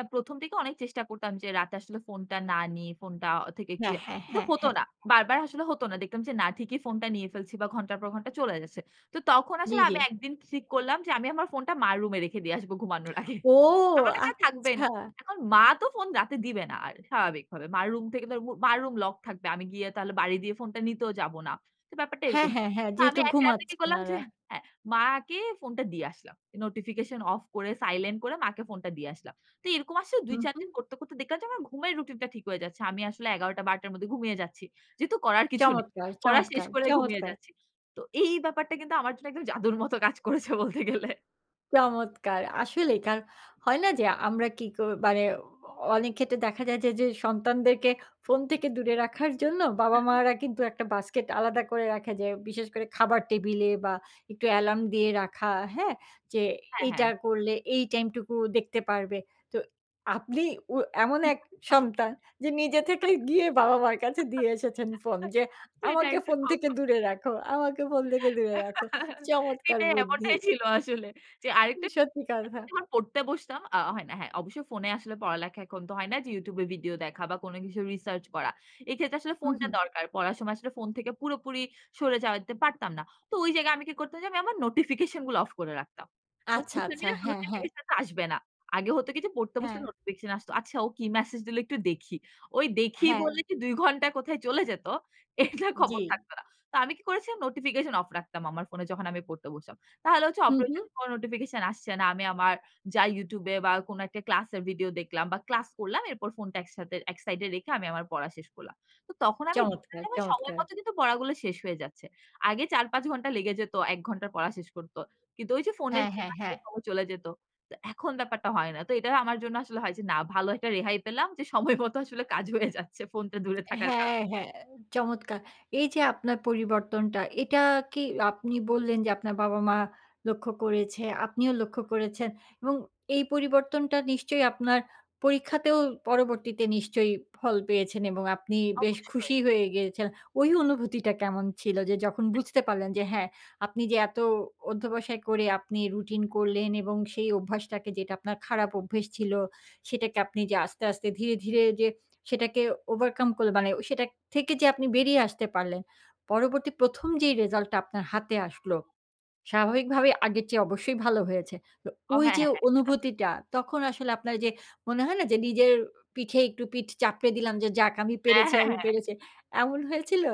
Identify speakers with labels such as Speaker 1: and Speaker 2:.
Speaker 1: আ ১ম থেকে অনেক চেষ্টা করতাম যে রাতে আসলে ফোনটা না নিয়ে ফোনটা অ থেকে একটু
Speaker 2: হ্যাঁ, হ্যাঁ,
Speaker 1: কিন্তু
Speaker 2: হ্যাঁ,
Speaker 1: হত
Speaker 2: হ্যাঁ।
Speaker 1: না। বারবার আসলে হতো না। দেখতাম যে না ঠিকই ফোনটা নিয়ে ফেলছি বা ঘন্টার পর ঘন্টা চলে যাচ্ছে। তো তখন
Speaker 2: জ্বি,
Speaker 1: আসলে
Speaker 2: জ্বি।
Speaker 1: আমি ১ দিন ঠিক করলাম যে আমি আমার ফোনটা মার রুমে রেখে দিয়ে আসব ঘুমানোর আগে।
Speaker 2: ও!
Speaker 1: আমার কাছে আর থাকবেই না।
Speaker 2: আচ্ছা।
Speaker 1: এখন মা তো ফোন রাতে দিবে না আ স্বাভাবিকভাবে। মার রুম থেকে তো আর মু মার রুম লক থাকবে। আমি গিয়ে তাহলে বারি দিয়ে ফোনটা নিতেও যাবো না। তো ব্যাপারটা
Speaker 2: হ্যাঁ,
Speaker 1: এরকম।
Speaker 2: হ্যাঁ, হ্যাঁ। যেহেতু
Speaker 1: আমি ১ রাতে কি
Speaker 2: ঘুমাচ্ছে
Speaker 1: করলাম যে
Speaker 2: উনারা।
Speaker 1: হ্যাঁ, মাকে ফোনটা দিয়ে আসলাম। নোটিফিকেশন অফ করে, সাইলেন্ট করে মাকে ফোনটা দিয়ে আসলাম। তো এরকম আসছে
Speaker 2: হু,
Speaker 1: ২, ৪ দিন
Speaker 2: হু।
Speaker 1: করতে, করতে দেখলাম যে আমার ঘুমের রুটিনটা ঠিক হয়ে যাচ্ছে। আমি আসলে ১১ঃ০০, ১২ঃ০০ -র মধ্যে ঘুমিয়ে যাচ্ছি। যেহেতু করার কিছু নেই।
Speaker 2: চমৎকার,
Speaker 1: পড়া শেষ
Speaker 2: চমৎকার,
Speaker 1: করেই ঘুমিয়ে
Speaker 2: চমৎকার!
Speaker 1: যাচ্ছি। তো এই ব্যাপারটা কিন্তু আমার জন্য একদম জাদুর মতো কাজ করেছে বলতে গেলে।
Speaker 2: চমৎকার! আসলেই কার হয় না যে আমরা কি কো মানে অ অনেক ক্ষেত্রে দেখা যায় যে, যে সন্তানদেরকে ফোন থেকে দূরে রাখার জন্য
Speaker 1: [unintelligible]
Speaker 2: বাবা-মারা কিন্তু একটা বাস্কেট আলাদা করে রাখা যে। বিশেষ করে খাবার টেবিল বা একটু এলার্ম দিয়ে রাখা। হ্যাঁ? যে
Speaker 1: হ্যাঁ,
Speaker 2: এইটা
Speaker 1: হ্যাঁ।
Speaker 2: করলে এই টাইম টুকু দেখতে পারবে। তো আপনি ও এমন এক সন্তান যে নিজে থেকেই গিয়ে বাবা-মার কাছে দিয়ে এসেছেন ফোন যে, "আমাকে
Speaker 1: সেটাই।
Speaker 2: ফোন থেকে দূরে রাখো, আমাকে ফোন থেকে দূরে রাখো।" চমৎকার
Speaker 1: এটাই
Speaker 2: বুদ্ধি।
Speaker 1: এমনটাই ছিল আসলে। যে
Speaker 2: উ
Speaker 1: ২ঃ৩০
Speaker 2: সত্যি কথা।
Speaker 1: [unintelligible] পড়তে বসতাম আ হয় না। হ্যাঁ, অবশ্যই ফোনে আসলে পড়ালেখা এখন তো হয় না যে YouTube ভিডিও দেখা বা কোনো কিছু রিসার্চ করা। এই ক্ষেত্রে আসলে
Speaker 2: হু,
Speaker 1: ফোনটা
Speaker 2: হু।
Speaker 1: দরকার। পড়ার সময় আসলে ফোন থেকে পুরোপুরি সরে যেতে পারতাম না। তো ওই জায়গায় আমি কি করতাম যে, আমি আমার নোটিফিকেশন গুলো অফ করে রাখতাম। অ
Speaker 2: আচ্ছা,
Speaker 1: সোশ্যাল
Speaker 2: আচ্ছা।
Speaker 1: মিডিয়া
Speaker 2: হ্যাঁ, হ্যাঁ।
Speaker 1: নোটিফিকেশন তো আসবে না। আগে হত কি? যে, পড়তে বসতে
Speaker 2: হ্যাঁ।
Speaker 1: নোটিফিকেশন আসতো। "আচ্ছা ও কি মেসেজ দিলো একটু দেখি।" ওই দেখি
Speaker 2: হ্যাঁ।
Speaker 1: বলে যে ২ ঘণ্টা কোথায় চলে যেত, এটা খবর
Speaker 2: জ্বি।
Speaker 1: থাকতো না। তো আমি কি করেছিলাম? নোটিফিকেশন অফ রাখতাম। আমার ফোনে যখন আমি পড়তে বসলাম। তাহলে হচ্ছে
Speaker 2: হু,
Speaker 1: অপ
Speaker 2: হু।
Speaker 1: কোনো নোটিফিকেশন আসছে না। আমি আমার যাই YouTube এ বা কোনো একটা ক্লাসের ভিডিও দেখলাম বা ক্লাস করলাম। এরপর ফোনটা একসাথে একসাইডে রেখে আমি আমার পড়া শেষ করলাম। তো তখন আমি দেখলাম
Speaker 2: চমৎকার,
Speaker 1: যে সময়
Speaker 2: চমৎকার!
Speaker 1: মত কিন্তু পড়াগুলো শেষ হয়ে যাচ্ছে। আগে ৪, ৫ ঘণ্টা লেগে যেতম ১ ঘন্টা পড়া শেষ করত। কিন্তু ওই যে ফোনের
Speaker 2: হ্যাঁ,
Speaker 1: জন্য
Speaker 2: হ্যাঁ,
Speaker 1: আসলে
Speaker 2: হ্যাঁ।
Speaker 1: সময় চলে যেত। তো এখন ব্যাপারটা হয় না। তো এটা আমার জন্য আসলে হয় যে না, ভালো একটা রেহাই পেলাম যে সময় মতো আসলে কাজ হয়ে যাচ্ছে। ফোনটা দূরে
Speaker 2: এ
Speaker 1: থাকার কারণে।
Speaker 2: হ্যাঁ, হ্যাঁ। চমৎকার! এইযে আপনার পরিবর্তনটা এটা কি আপনি বললেন যে আপনার বাবা-মা লক্ষ্য করেছে, আপনিও লক্ষ্য করেছেন। এবং এই পরিবর্তনটা নিশ্চয়ই আপনার পরীক্ষাতেও পরবর্তীতে নিশ্চয়ই ফল পেয়েছেন এবং আপনি বেশ
Speaker 1: অবশ্যই।
Speaker 2: খুশি হয়ে গেছেন। ওই অনুভূতিটা কেমন ছিল? যে যখন বুঝতে পারলেন যে হ্যাঁ, আপনি যে এত অধ্যবসায় করে আপনি রুটিন করলেন এবং সেই অভ্যাসটাকে যেটা আপনার খারাপ অভ্যাস ছিল, সেটাকে আপনি যে আস্তে, আস্তে ধীরে, ধীরে যে সেটাকে ওভারকাম করে মানে সেটা থেকে যে আপনি বেরিয়ে আসতে পারলেন। পরবর্তী ১ম যেই রিজাল্টটা আপনার হাতে আসল, স্বাভাবিকভাবে আগের চেয়ে অবশ্যই ভালো হয়েছে। তো
Speaker 1: ও হ্যাঁ,
Speaker 2: ঐযে
Speaker 1: হ্যাঁ, হ্যাঁ। [unintelligible]
Speaker 2: অনুভূতিটা, তখন আসলে আপনার যে মনে হয় না? যে নিজের পিঠে একটু পিঠ চাপড়ে দিলাম যে, "যাক আমি
Speaker 1: অ্যা
Speaker 2: পেরেছি,
Speaker 1: হ্যাঁ,
Speaker 2: আমি
Speaker 1: হ্যাঁ।
Speaker 2: পেরেছি।" এমন হয়েছিল?